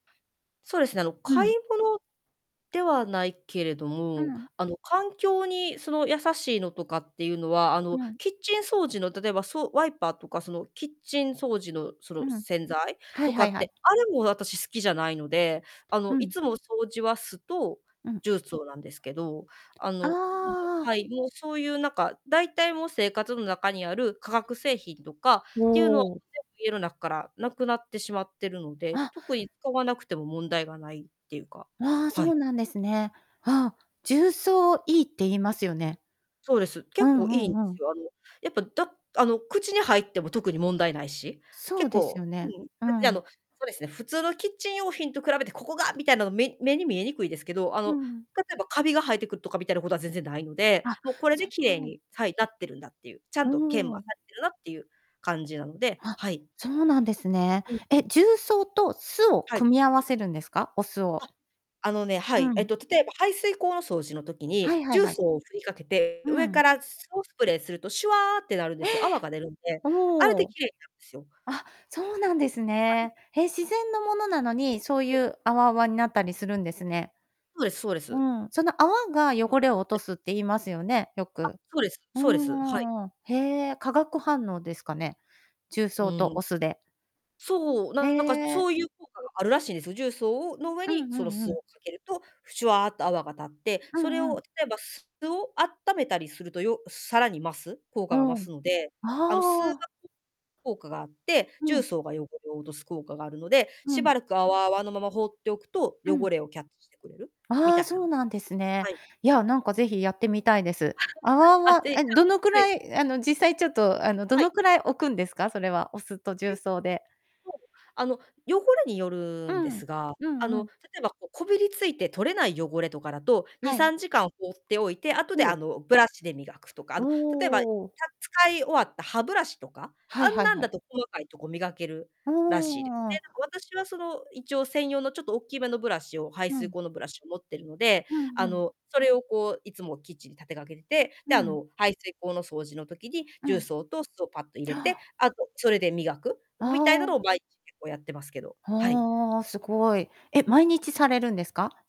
そうですね、あの、う買いん。物ではないけれどうも、ん。あの、環境にその優しいのとかっていうのは、あの、うん。キッチン掃除の例えば、そう、ワイパーとか、その、キッチン掃除の、そうの、ん。洗剤はいとかはいっはい。て、あれも私好きじゃないので、あうの、いん。つも掃除は酢とうん。重曹なんですけど、ああの、はあ。い、もう、そういう、なんか、大体、もう、生活の中にある化学製品とかっていうのはね、おう。家のなっからなくなってしまってるので、あ。特に買わなくても問題がないっていうか。ああ、そはい。うなんですね。ああ、重層いいって言いますよね。そうです。う結構んういいんでんうすん。よ。あの、やっぱ、だあの、口に入っても特に問題ないし、そう結です構ようね、ん、う別に、ーあの、ん。そうですね、普通のキッチン用品と比べてここが、みたいなの目目に見えにくいですけど、あうの、ん。例えばカビが生えてくるとかみたいなことは全然ないので、あ、もう、これそで綺麗う。にはい、なってるんだっていう、ちゃおんと研磨さお。れてるなっていう感じなので、あ、はい。そうなんですね。うん。え、重曹と酢をはい。組み合わせるんですか？お酢を。あ、あのね、はうい。えっん。と、例えば、排水溝の掃除の時にはいはい重はい。曹をふりかけて、う上ん。から酢をスプレーすると、シュワーってなるんでええ！すよ。泡が出るんで。あれおでお。きれいになんですよ。あ、そうなんですはい。ね。へ、自然のものなのに、そうはい。いう泡泡になったりするんですね。そうですそうでうす。ん、その泡が汚れを落はとい。すって言いますよね、よあ、く。そうですうそうでんす。はい。うんうん。へえ、化学反応ですかね？重う曹ーとん。お酢で。そう、へなんか、そえ。ういう効果があるらしいんですよ、重曹をの上うにんうそのんう酢をん。かけると、シュワーと泡が立って、うそれんうをん。例えば酢をあっためたりすると、よさらに増す、効果が増うん。すので、あの、酢が、くああ。効果があって、う重ん。曹が汚れを落とす効果があるので、うしん。ばらく泡泡のまま放っておくとう汚ん。れをキャッチしてくれる、みあたあ、いそな。うなんですね。はい。いや、なんか、ぜひやってみたいです。泡あ、あは、てじえ、どのくゃんはい。らい、あの、実際ちょっと、あの、どはい。のくらい置くんですか？それはお酢とえ重っと、曹で。あの、汚れにようるんでん、すが、うあんうの、ん。例えば、こう、こびりついて取れない汚れとかだと、にはさい。んじかん放っておいて、後おで、あお。の、ブラシで磨くとか、あおの、例えば、たお。使い終わった歯ブラシとか、はあいんはいなんはだい。と細かいとこ磨けるあらしいでね。あ。なんか私は、その、一応専用のちょっとおっきめのブラシを、排う水ん。溝のブラシを持ってるので、うんあうん。の、それを、こう、いつもキッチンに立てかけて、うで、あん。の、排水溝の掃除の時にう重ん。曹と酢をぱっと入れて、ああ。あとそれで磨くみたいなああ。のをまいちげをやってますけど。はい。はあ、すごい。え、毎日されるんですか？